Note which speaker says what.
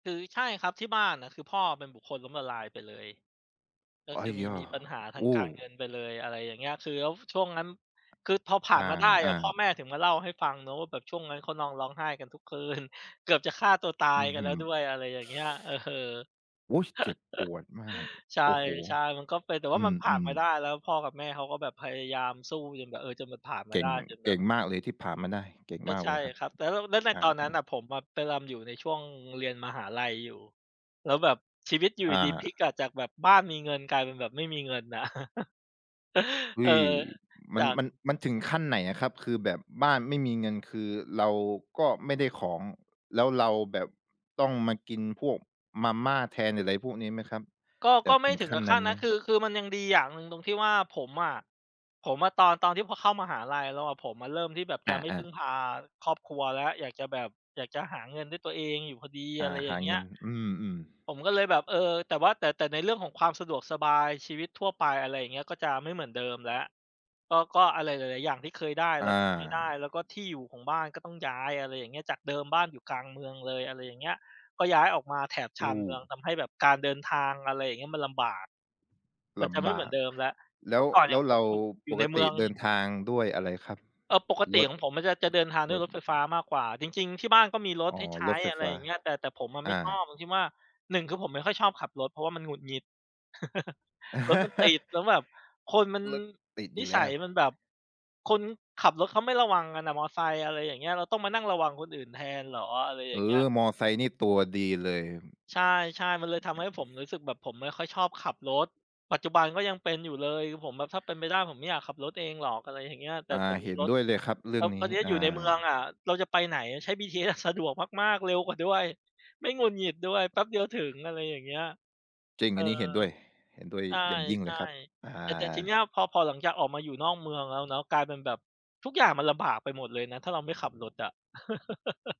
Speaker 1: คือ ใช่ครับที่บ้านอะ คือพ่ออะเป็นบุคคลล้มละลายไปเลย ก็
Speaker 2: ไอ
Speaker 1: ค
Speaker 2: ้
Speaker 1: ือม
Speaker 2: ห
Speaker 1: ี
Speaker 2: ยา
Speaker 1: มีปัญหาทา
Speaker 2: โอ
Speaker 1: งก
Speaker 2: ้
Speaker 1: ารเงินไปเลย อะไรอย่างเงี้ย คือแล้วช่วงนั้น คือพอผ่
Speaker 2: อ
Speaker 1: า
Speaker 2: า
Speaker 1: นมาได้
Speaker 2: อ
Speaker 1: อะพ่อ
Speaker 2: า
Speaker 1: แม่ถึงมาเล่าให้ฟังเนาะ ว่าแบบช่วงนั้นเขานอนร้องไห้กันทุกคืน เกือบจะฆ่าตัวตา
Speaker 2: อ
Speaker 1: ย
Speaker 2: ือ
Speaker 1: กั
Speaker 2: ฮ
Speaker 1: นแ
Speaker 2: ึ
Speaker 1: ล้วด้วย อะไรอย่างเงี้ย เออ
Speaker 2: อุ๊ย เจ็บปวดมาก
Speaker 1: ใช่
Speaker 2: โอ้โฮ
Speaker 1: ใช่ มันก็เป็น แต่ว
Speaker 2: อ
Speaker 1: ่ามันผ่า
Speaker 2: ื
Speaker 1: นม
Speaker 2: ม
Speaker 1: าได้
Speaker 2: ๆ
Speaker 1: แล้วพ่อกับแม่เขาก็แบบพยายามสู้จนแบบ เอ่อ จนมันผ่านม
Speaker 2: เ
Speaker 1: า
Speaker 2: ก
Speaker 1: ไ
Speaker 2: ่
Speaker 1: ด้
Speaker 2: ง
Speaker 1: จนแ
Speaker 2: เ
Speaker 1: บ
Speaker 2: ก่
Speaker 1: บ
Speaker 2: งมากเลยที่ผ่านมาได้ เก่ง
Speaker 1: ก็
Speaker 2: มาก
Speaker 1: ใช
Speaker 2: เ
Speaker 1: ่
Speaker 2: ลยครับ
Speaker 1: ครับ แต่แล้ว แล้วใน
Speaker 2: อา
Speaker 1: ตอนนั้นน่
Speaker 2: ๆ
Speaker 1: ะผมอะไปรำ อยู่ในช่วงเรียนมหาลัยอยู่ แล้วแบบชีวิตอยู่
Speaker 2: อ
Speaker 1: ดี ๆ พลิ
Speaker 2: า
Speaker 1: กอะจากแบบบ้านมีเงินกลายเป็นแบบไม่มีเงิน น่ะ
Speaker 2: เฮ
Speaker 1: เอ
Speaker 2: ้
Speaker 1: อ
Speaker 2: ย ม
Speaker 1: จ
Speaker 2: ัน
Speaker 1: าก
Speaker 2: มัน มันถึงขั้นไหนอะครับ คือแบบบ้านไม่มีเงิน คือเราก็ไม่ได้ของ แล้วเราแบบต้องมากินพวกมาม่าแทน หรืออะไรพวกนี้ไหมครับ
Speaker 1: ก็
Speaker 2: แบ
Speaker 1: ก็
Speaker 2: บ
Speaker 1: ไม
Speaker 2: ถ
Speaker 1: ่
Speaker 2: ึง
Speaker 1: ถึง
Speaker 2: ขั
Speaker 1: ก
Speaker 2: ้น
Speaker 1: ับข
Speaker 2: นั
Speaker 1: ั้
Speaker 2: ้น
Speaker 1: น
Speaker 2: ไ
Speaker 1: น
Speaker 2: หม?
Speaker 1: ะ คือ คือมันยังดีอย่างหนึ่งตรงที่ว่าผมอะ ผมอะตอน ตอนที่พอเข้ามหาลัยแล้วอะ ผมอะเริ่มที่แบบ
Speaker 2: อ
Speaker 1: จะไม่พ
Speaker 2: า ๆ
Speaker 1: ึ่งพาครอบครัวแล้ว อยากจะแบบ อยากจะหาเงินด้วยตัวเองอยู่พอดี
Speaker 2: อ
Speaker 1: อะ
Speaker 2: า
Speaker 1: ไรอย
Speaker 2: ห
Speaker 1: ่า
Speaker 2: า
Speaker 1: งเงี
Speaker 2: เ
Speaker 1: ้
Speaker 2: งิ
Speaker 1: ย
Speaker 2: น อืม อือ
Speaker 1: ผมก็เลยแบบ เออ แต่ว่า แต่ แต่ในเรื่องของความสะดวกสบาย ชีวิตทั่วไป อะไรอย่างเงี้ย ก็จะไม่เหมือนเดิมแล้ว ก็ ก็อะไรหลาย ๆ อย่างที่เคยได้ เ
Speaker 2: อ
Speaker 1: ราก็จะไม่ได้
Speaker 2: า
Speaker 1: แล้วก็ที่อยู่ของบ้านก็ต้องย้าย อะไรอย่างเงี้ย จากเดิมบ้านอยู่กลางเมืองเลย อะไรอย่างเงี้ย ก็ย้ายออกมาแถบช
Speaker 2: โ
Speaker 1: านเมือง
Speaker 2: อ้
Speaker 1: ทำให้แบบการเดินทาง อะไรอย่างเงี้ย มันลำบาก มั
Speaker 2: ล
Speaker 1: นจะไม
Speaker 2: ำ
Speaker 1: ่
Speaker 2: บ
Speaker 1: เหมื
Speaker 2: า
Speaker 1: อน
Speaker 2: ก
Speaker 1: เดิมแล้ว
Speaker 2: แล
Speaker 1: เม
Speaker 2: ้
Speaker 1: ื่
Speaker 2: ว
Speaker 1: อก่อนอ
Speaker 2: แ
Speaker 1: ย
Speaker 2: ล
Speaker 1: ่
Speaker 2: ้
Speaker 1: าง
Speaker 2: ว
Speaker 1: ผ
Speaker 2: เร
Speaker 1: ม
Speaker 2: า
Speaker 1: อยู่ อยู
Speaker 2: ป
Speaker 1: ่ใน
Speaker 2: ก
Speaker 1: เม
Speaker 2: ต
Speaker 1: ื
Speaker 2: ิ
Speaker 1: อง
Speaker 2: เดินทางด้วยอะไรครับ?
Speaker 1: เอ่อ ปกต
Speaker 2: ร
Speaker 1: ิ
Speaker 2: ถ
Speaker 1: ของผมมันจะ จะเดินทางด
Speaker 2: ร
Speaker 1: ้วย
Speaker 2: ถ
Speaker 1: รถไฟฟ้ามากกว่า จริง ๆ ที่บ้านก็มีร
Speaker 2: อ
Speaker 1: ถ
Speaker 2: ๋อ
Speaker 1: ให้ใช
Speaker 2: ร
Speaker 1: ้
Speaker 2: ถไฟ
Speaker 1: อะไร
Speaker 2: ฟ้
Speaker 1: อ
Speaker 2: า
Speaker 1: ย่างเงี้ย แต่ แต่ผมอะ
Speaker 2: อ
Speaker 1: ไม่
Speaker 2: า
Speaker 1: ชอบตรงที่ว่า 1 คือผมไม่ค่อยชอบขับรถ เพราะว่ามันหงุดหงิด รถมันติด แล้วแบบคนมัน
Speaker 2: รถติด
Speaker 1: น
Speaker 2: อย
Speaker 1: ิ
Speaker 2: ู่แ
Speaker 1: ส
Speaker 2: ล
Speaker 1: ั
Speaker 2: ้
Speaker 1: ย
Speaker 2: ว
Speaker 1: มันแบบ คนขับรถเขาไม่ระวังกันน่ะ มอไซค์ อะไรอย่างเงี้ย เราต้องมานั่งระวังคนอื่นแทนเหรอ อะไรอ
Speaker 2: เ
Speaker 1: ย
Speaker 2: อ
Speaker 1: ่างเงี้ย
Speaker 2: อ มอไซค์นี่ตัวดีเลย
Speaker 1: ใช่ ๆ มันเลยทำให้ผมรู้สึกแบบผมไม่ค่อยชอบขับรถ ปัจจุบันก็ยังเป็นอยู่เลย คือผมแบบถ้าเป็นไปได้ผมไม่อยากขับรถเองหรอก อะไรอย่างเงี้ย แต
Speaker 2: อ
Speaker 1: ่
Speaker 2: า
Speaker 1: แต่
Speaker 2: เ
Speaker 1: มี
Speaker 2: ห็น
Speaker 1: รถ
Speaker 2: ด้วยเลยครับเรื
Speaker 1: แ
Speaker 2: ่
Speaker 1: ล
Speaker 2: อ
Speaker 1: ้
Speaker 2: ง
Speaker 1: ว
Speaker 2: น
Speaker 1: ต
Speaker 2: ี
Speaker 1: อ
Speaker 2: ้
Speaker 1: นนี้
Speaker 2: อ
Speaker 1: อ
Speaker 2: า
Speaker 1: ยู่ในเมืองอะเราจะไปไหน ใช้ BTS อะสะดวกมาก ๆ เร็วกว่าด้วย ไม่หงุดหงิดด้วย แป๊บเดียวถึง อะไรอย่างเงี้ย
Speaker 2: จริง
Speaker 1: เอ
Speaker 2: อ
Speaker 1: อ
Speaker 2: ันนี้เห็นด้วย เห็นด้วย
Speaker 1: ใ
Speaker 2: อย่างยิ่ง
Speaker 1: ช
Speaker 2: เล
Speaker 1: ่
Speaker 2: ยครับ อ
Speaker 1: ๆ แต่ แต่ทีเน
Speaker 2: า
Speaker 1: ี้ยพอ พอหลังจากออกมาอยู่นอกเมืองแล้วเนาะ กลายเป็นแบบทุกอย่างมันลำบากไปหมดเลยนะ ถ้าเราไม่ขับรถอะ